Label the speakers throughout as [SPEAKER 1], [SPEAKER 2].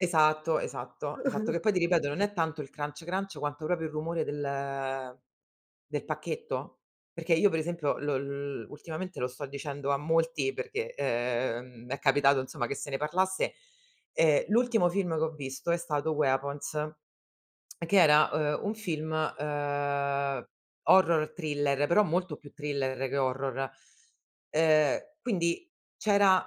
[SPEAKER 1] Esatto, esatto, esatto. Che poi ti ripeto, non è tanto il crunch crunch, quanto proprio il rumore del del pacchetto. Perché io per esempio lo l ultimamente, lo sto dicendo a molti, perché, ehm, è capitato insomma che se ne parlasse. Ehm, l'ultimo film che ho visto è stato Weapons, che era, ehm, un film, ehm, horror thriller, però molto più thriller che horror. Ehm, quindi c'era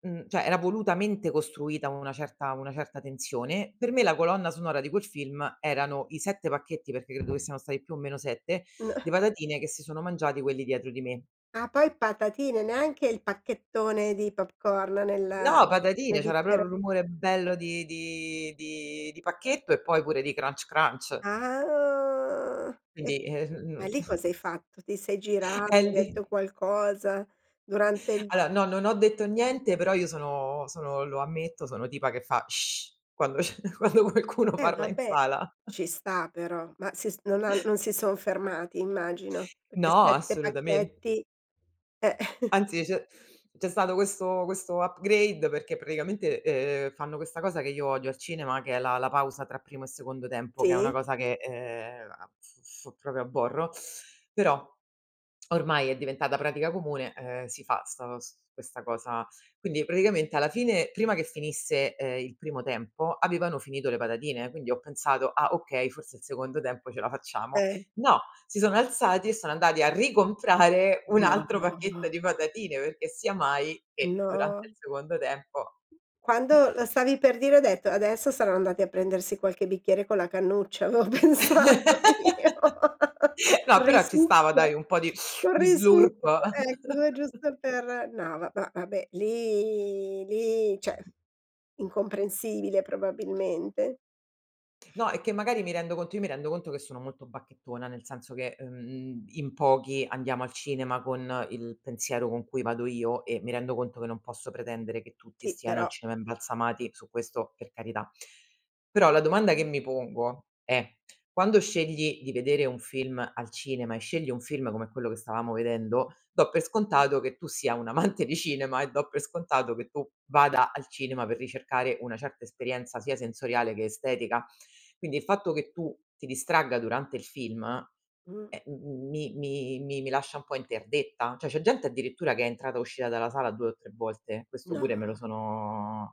[SPEAKER 1] mhmm, cioè, era volutamente costruita una certa una certa tensione; per me, la colonna sonora di quel film erano i 7 pacchetti, perché credo che siano stati più o meno 7,
[SPEAKER 2] N
[SPEAKER 1] di patatine, che si sono mangiati quelli dietro di me.
[SPEAKER 2] Ah, poi patatine, neanche il pacchettone di popcorn nel
[SPEAKER 1] No, patatine,
[SPEAKER 2] nel
[SPEAKER 1] c'era
[SPEAKER 2] bicchiero
[SPEAKER 1] proprio il rumore bello di di di di pacchetto, e poi pure di crunch crunch.
[SPEAKER 2] Ah e
[SPEAKER 1] Quindi,
[SPEAKER 2] ma
[SPEAKER 1] ehm [unintelligible]
[SPEAKER 2] lì cosa hai fatto? Ti sei girata? Hai detto
[SPEAKER 1] [unintelligible]
[SPEAKER 2] qualcosa, durante il
[SPEAKER 1] Allora, no, non ho detto niente, però io sono sono, lo ammetto, sono tipa che fa: "Sh!" quando c'è quando qualcuno
[SPEAKER 2] Eh,
[SPEAKER 1] parla in
[SPEAKER 2] vabbè,
[SPEAKER 1] sala.
[SPEAKER 2] ci sta però, ma si s non han non si son fermati immagino, perché
[SPEAKER 1] No,
[SPEAKER 2] 7
[SPEAKER 1] assolutamen
[SPEAKER 2] pacchetti, eh,
[SPEAKER 1] Anzi, c'è c'è stato questo questo upgrade perché praticamente, ehm, fanno questa cosa che io odio al cinema, che è la la pausa tra primo secondo tempo, che è una
[SPEAKER 2] Sì.
[SPEAKER 1] cosa che, ehm, a f f proprio aborro, però ormai è diventata pratica comune, ehm, si fa 'sta s questa cosa. Quindi, praticamente alla fine prima che finisse, ehm, il primo tempo avevano finito le patatine, quindi ho pensato: "Ah okay, forse il secondo tempo ce la facciamo."
[SPEAKER 2] [unintelligible]
[SPEAKER 1] No, si sono alzati e sono andati a ricomprare un
[SPEAKER 2] No,
[SPEAKER 1] altro
[SPEAKER 2] ma
[SPEAKER 1] pacchetto di
[SPEAKER 2] va.
[SPEAKER 1] patatine, perché sia mai che durante
[SPEAKER 2] No.
[SPEAKER 1] il secondo tempo
[SPEAKER 2] Quando lo stavi per dire ho detto: "Adesso saran andati a prendersi qualche bicchiere con la cannuccia," l'ho pensato io,
[SPEAKER 1] No, però ci stava, dai,
[SPEAKER 2] risucchio
[SPEAKER 1] un po' di
[SPEAKER 2] un
[SPEAKER 1] di
[SPEAKER 2] risucchio,
[SPEAKER 1] slurp.
[SPEAKER 2] ecco giusto per no, ma vabbè lì lì, cioè, incomprensibile probabilmente.
[SPEAKER 1] No, è che magari mi rendo conto io mi rendo conto che sono molto bacchettona, nel senso che, ehm, in pochi andiamo al cinema con il pensiero con cui vado io, e mi rendo conto che non posso pretendere che tutti
[SPEAKER 2] Sì,
[SPEAKER 1] stiano
[SPEAKER 2] però
[SPEAKER 1] al cinema
[SPEAKER 2] mh.
[SPEAKER 1] imbalsamati, su questo, per carità. Però la domanda che mi pongo è: quando scegli di vedere un film al cinema, e scegli un film come quello che stavamo vedendo, do per scontato che tu sia un amante di cinema, e do per scontato che tu vada al cinema per ricercare una certa esperienza sia sensoriale che estetica. Quindi, il fatto che tu ti distragga durante il film,
[SPEAKER 2] Mh.
[SPEAKER 1] ehm, mi mi mi lascia un po' interdetta. Cioè, c'è gente addirittura che è entrata e uscita dalla sala, 2 o 3 volte questo pure me lo
[SPEAKER 2] No.
[SPEAKER 1] sono